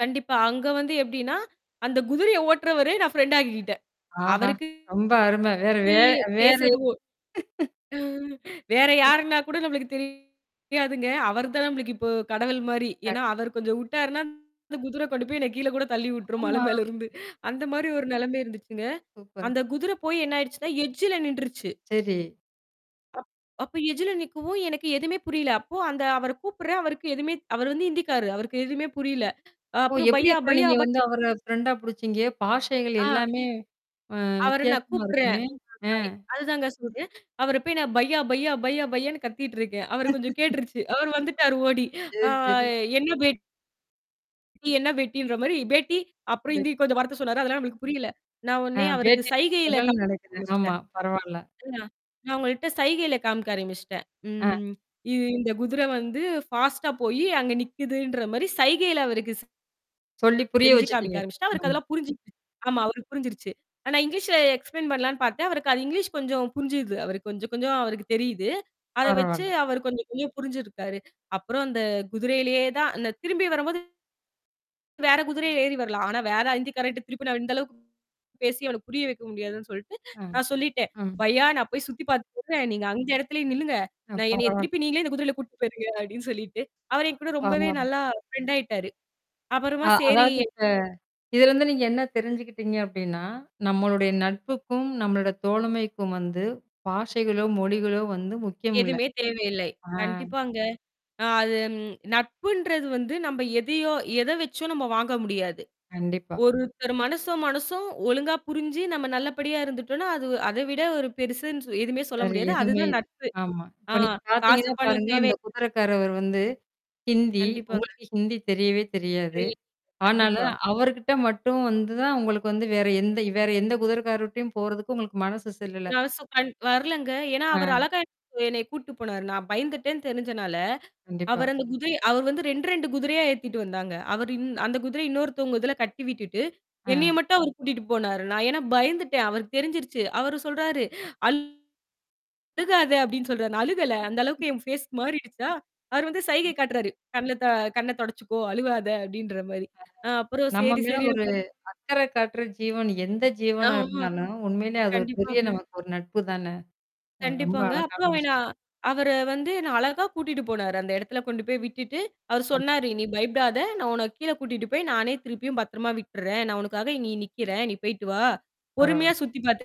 கண்டிப்பா. அங்க வந்து எப்பிடின்னா, அந்தக் குதிரைய ஓட்டுறவரு நான் ஃப்ரெண்ட் ஆக்கிக்கிட்டேன் ஆஹா! அவருக்கு ரொம்ப அருமை. வேறு வே வேற பேசுறது ஒ வேற [unintelligible] யாருன்னா கூட நம்மளுக்குத் தெரியாதுங்க அவரு தான் நம்பளுக்கு இப்போ கடவுள்மாரி. ஏன்னா கண்டிப் அவர் கொஞ்சம் விட்டார்ன்னா [unintelligible] குதிரை கொண்டு போய் என்னைய கீழ கூடத் தள்ளி விட்டுரும் மலை ஆமா. மேலருந்து அந்தமாரி ஒரு நிலமை இருந்துச்சுங்க. சூப்பர். அந்தக் குதிரை போய் என்ன ஆயிடுச்சுன்னா, எட்ஜில நின்றுச்சு. சரி. அப் அப்ப எட்ஜில நிக்கவும் எனக்கு எதுமே புரியல. அப்போ அந்த அவர கூப்பிடுறேன். அவருக்கு எதுவுமே அவரு வந்து இந்திக்காரு. அவருக்கு எதுவுமே புரியல. அ ஓ! அப்பறம் எப்பிடி பையா, அப்புறம் பையா, நீங்க ப வந்து அவர ஃப்ரெண்டா புடிச்சிங்க? பாஷைகள் ஆ. எல்லாமே அ அவர நான் வித்தியாசமா கூப்பிடுறேன். [unintelligible] இருக்குமே! அ. அதுதாங்க சொல்றேன். அவரப் போய் நான் பையா! பையா! பையா! பையான்னு கத்திட்டு இருக்கேன். அவருக்குக் கொஞ்சம் கேட்டுருச்சு. அவர் வந்துட்டாரு ஓடி. அ சரி, சரி. என்ன பேட் என்ன பேட்டின்ற மாரி, "பேட்டி" அப்புறம் [unintelligible] இந்தி கொஞ்சம் வார்த்தை சொன்னாரு. அதெல்லாம் நம்மளுக்கு புரியல. நான் அ உடனே அவருக்குச் சைகையில [unintelligible] காமிக்க நடக்குது. ஆமா, ஆரம்பிச்சுட்டேன் பரவால்ல. [unintelligible] நான் அவுங்கள்ட்ட சைகையில காமிக்க ஆரம்பிச்சிட்டேன். அ. ம் இ இந்தக் குதிரை வந்து ஃபாஸ்ட்டா போயி அங்க நிக்குதுன்ற மாரி சைகையில அவருக்கு ஸ் சொல்லிப் புரிய செஞ்சு காமிக்க வச்சுட்டீங்க. ஆரம்பிச்சுட்டேன். அவருக்கு ஆமா. அதெல்லாம் புரிஞ்சிருச்சு. ஆமா, அவருக்குப் புரிஞ்சிருச்சு. ஆனா இங்கிலீஷ்ல எக்ஸ்ப்ளெய்ன் பண்ணலான்னு பார்த்தேன். அவருக்கு அது இங்கிலீஷ் கொஞ்சம் புரிஞ்சுது. அவருக்கு கொஞ்சம், கொஞ்சம் அவருக்குத் தெரியுது. அத வச்சு பரவால்ல. அவரு கொஞ்சம், கொஞ்சம் புரிஞ்சுருக்காரு. அப்புறம் அந்தக் குதிரையிலேயே தான் அந்த திரும்பி வரும்போது வேற குதிரையில ஏறி வரலாம். ஆனா வேற இந்திக்காரன்ட்ட திருப்பி நான் இந்த அளவுக்கு பேசிப் அவனுக்கு புரிய வைக்க முடியாதுன்னு சொல்ட்டு, அ. நான் சொல்லிட்டேன் ம். "பையா! நான் போய் சுத்தி பாத்துட்டு வரேன். நீங்க அந்த இடத்திலேயே நில்லுங்க. அ நான் என்னையத் பரவால்ல. திருப்பி நீங்களே இந்தக் குதிரையில கூட்டிட்டு போயிருங்க அப்பிடீன்னு சொல்லிட்டு. அவர் என்கூட ரொம்பவே பரவால்ல. நல்லா ஃப்ரெண்ட் ஆயிட்டாரு. அப்புறமா அ சரி" அதாவது இப்ப, இதுலருந்து நீங்க என்ன தெரிஞ்சுக்கிட்டீங்க அப்பிடீன்னா, நம்மளுடைய கண்டிப்பா. நட்புக்கும் நம்மளோட தோழமைக்கும் வந்து பாஷைகளோ! மொழிகளோ! முக்கியமில்ல. எதுவுமே தேவையில்லை. அ. கண்டிப்பாங்க. அ அது ம் நட்புன்றது வந்து நம்ப எதையோ எத வச்சோ நம்ப வாங்க முடியாது. கண்டிப்பா. ஒருத்தர் மனசும், மனசும் ஒழுங்கா புரிஞ்சு நம்ம நல்லபடியா இருந்துட்டோன்னா, அது அதைவிட ஒரு பெருசுன்னு சொ எதுவுமே சொல்ல வேற முடியாது. எதுவுமே அதுதான் இல்ல. நட்பு. ஆமா. அ இப்ப நீங்கப் காசு பாத்தீங்கன்னா பணம் பாருங்க, தேவை அந்தக் குதிரைக்காரவரு வந்து ஹிந்தி. கண்டிப்பாங்க. உங்களுக்கு ஹிந்தி தெரியவே தெரியாது. [unintelligible] ஆனாலும் கண்டிப்பா. அவருகிட்ட மட்டும் வந்துதான், உங்களுக்கு வந்து வேற எந்த வேற எந்தக் குதிரைக்காரர்ட்டயும் போறதுக்கு உங்களுக்கு மனசு செல்லல. [unintelligible] வரலங்க. ஏன்னா அவரு அ. அழகா [unintelligible] என்னையக் கூட்டிட்டு போனாரு. நான் பயந்துட்டேன்னு தெரிஞ்சனால, அவரு கண்டிப்பா. அந்தக் குதிரைய அவரு வந்து 2 2 குதிரையா ஏத்திட்டு வந்தாங்க. அவரு இந் அந்தக் குதிரைய இன்னொருத்தவங்க இதுல கட்டி விட்டுட்டு, என்னைய அ. மட்டும் அவரு கூட்டிட்டு போனாரு. நான் ஏன்னா பயந்துட்டேன். அவருக்குத் தெரிஞ்சிருச்சு. அவரு சொல்றாரு. "அழுகாத!" அப்பிடீன்னு சொல்றாரு. நான் அழுகல, அந்த அளவுக்கு என் ஃபேஸ் மாறிடுச்சா! அவரு வந்து சைகை காட்டுறாரு, "கண்ணுல, த கண்ணத் தொடச்சுக்கோ! அழுவாத!" அப்பிடீன்ற மாரி. நான் அப்புறம் நம்ம சரி, மேல சரி ஒரு [unintelligible] அக்கறை காட்டுற ஜீவன் எந்த ஜீவனா ஆமா. இருந்தாலும், உண்மையிலே அது ஒரு பெரிய கண்டிப்பாங்க. நமக்கு ஒரு நட்புதான. அ ரொம்ப கண்டிப்பாங்க. அழகான அப்புறம் வே விஷயம். நான் அவரே வந்து என்ன அழகா கூட்டிட்டு போனாரு. அந்த இடத்துல கொண்டு போய் விட்டுட்டு, அவரு ஆமா சொன்னாரு, "நீ பயப்படாத! நான் உன்ன கீழ கூட்டிட்டு போய், நானே திருப்பியும் பத்திரமா விட்டிர்றேன். நான் உனக்காக இங்க நிக்கிறேன். நீ போயிட்டு வா! பரவால்ல பொறுமையா சுத்தி பாத்து"